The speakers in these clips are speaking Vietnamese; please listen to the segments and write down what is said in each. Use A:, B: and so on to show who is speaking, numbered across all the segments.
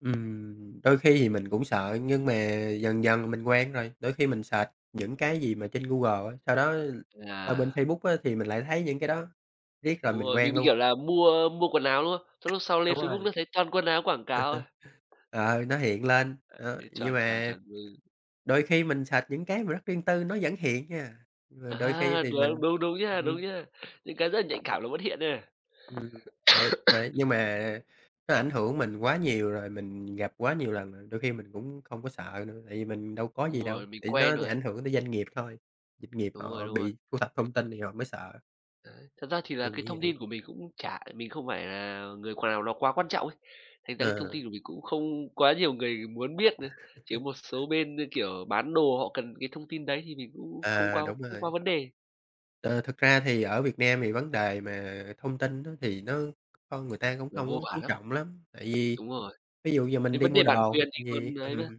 A: Ừm, đôi khi thì mình cũng sợ nhưng mà dần dần thì mình quen rồi, đôi khi mình search những cái gì mà trên Google á, sau đó qua
B: À.
A: bên Facebook á thì mình lại thấy những cái đó riết rồi
B: Đúng
A: mình
B: rồi, mình
A: quen
B: bị,
A: luôn.
B: kiểu, là mua mua quần áo, đúng không, xong lúc sau lên
A: Đúng
B: Facebook
A: rồi.
B: nó thấy toàn quần áo quảng cáo thôi.
A: Ờ, nó hiện lên, ờ, nhưng
B: Chuẩn, chuẩn,
A: mà
B: chuẩn, ừ.
A: đôi khi mình search những cái mà rất riêng tư, nó vẫn hiện nha, rồi đôi khi
B: À,
A: thì
B: đua
A: mình
B: đúng, đúng nha,
A: ừm.
B: đúng nha, những cái rất là nhạy cảm nó vẫn hiện nha.
A: Ừm, ờ, vậy nhưng mà nó ảnh hưởng mình quá nhiều rồi, mình gặp quá nhiều lần rồi, đôi khi mình cũng không có sợ nữa, tại vì mình đâu có
B: Đúng
A: gì đâu,
B: rồi, mình
A: thì nó
B: quen rồi
A: sẽ
B: ấy.
A: ảnh hưởng tới doanh nghiệp thôi, doanh nghiệp
B: Đúng rồi,
A: họ
B: đúng rồi.
A: bị thu thập thông tin thì họ mới sợ.
B: Đấy. Thật ra thì là
A: Mình
B: cái
A: nghĩ
B: thông
A: vậy.
B: tin của mình cũng chả mình không phải là người qu nào đó quá quan trọng ý. Thành ra cái thông
A: Ờ.
B: tin của mình cũng không quá nhiều người muốn biết nữa, chỉ có một số bên như, kiểu, bán đồ họ cần cái thông tin đấy thì mình cũng không
A: À,
B: quá
A: đúng
B: không quá
A: rồi.
B: vấn đề.
A: Ờ, thực ra thì ở Việt Nam thì vấn đề mà thông tin á thì nó con người ta cũng
B: Nó
A: không có
B: vô vàn
A: chú
B: lắm.
A: trọng lắm, tại vì
B: Đúng rồi.
A: ví dụ giờ
B: Cái
A: mình đi
B: vấn
A: mua
B: đề bản
A: đồ
B: quyền
A: hoặc
B: thì
A: là
B: còn
A: gì
B: ấy mà.
A: ừm,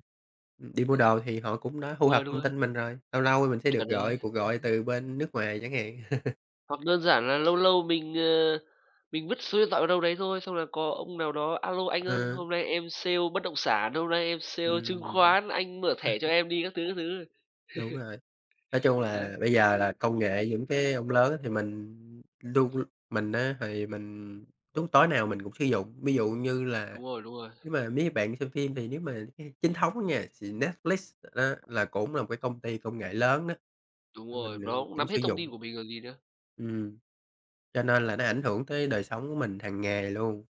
A: đi mua
B: Đấy.
A: đồ thì họ cũng đã thu
B: Đúng rồi,
A: thập
B: đúng
A: thông
B: rồi.
A: tin mình rồi, lâu lâu mình sẽ
B: Chuẩn
A: được
B: rồi,
A: gọi cuộc gọi
B: đấy.
A: từ bên nước ngoài chẳng hạn.
B: Hoặc đơn giản là lâu lâu mình, ờ, mình vứt số điện thoại vào đâu đấy thôi xong là có ông nào đó "A lô, anh ơi,
A: Ừ.
B: hôm nay em sale bất động sản, hôm nay em sale chứng
A: Ừm.
B: khoán, anh mở thẻ cho em đi." các thứ, các thứ.
A: Đúng rồi, nói chung
B: Đấy.
A: là, bây giờ là công nghệ những cái ông lớn á thì mình luôn mình á thì mình đúng, tối nào mình cũng sử dụng, ví dụ như là
B: Đúng rồi, đúng rồi.
A: nếu mà mấy bạn xem phim thì nếu mà xe chính thống á nha thì Netflix á là cũng là một cái công ty công nghệ lớn á,
B: Đúng
A: thì
B: rồi,
A: mình, ừm,
B: nó cũng
A: cũng
B: nắm hết
A: sử
B: thông
A: dụng.
B: tin của mình rồi gì nữa.
A: Ừm, cho nên là nó ảnh hưởng tới đời sống của mình hàng ngày luôn.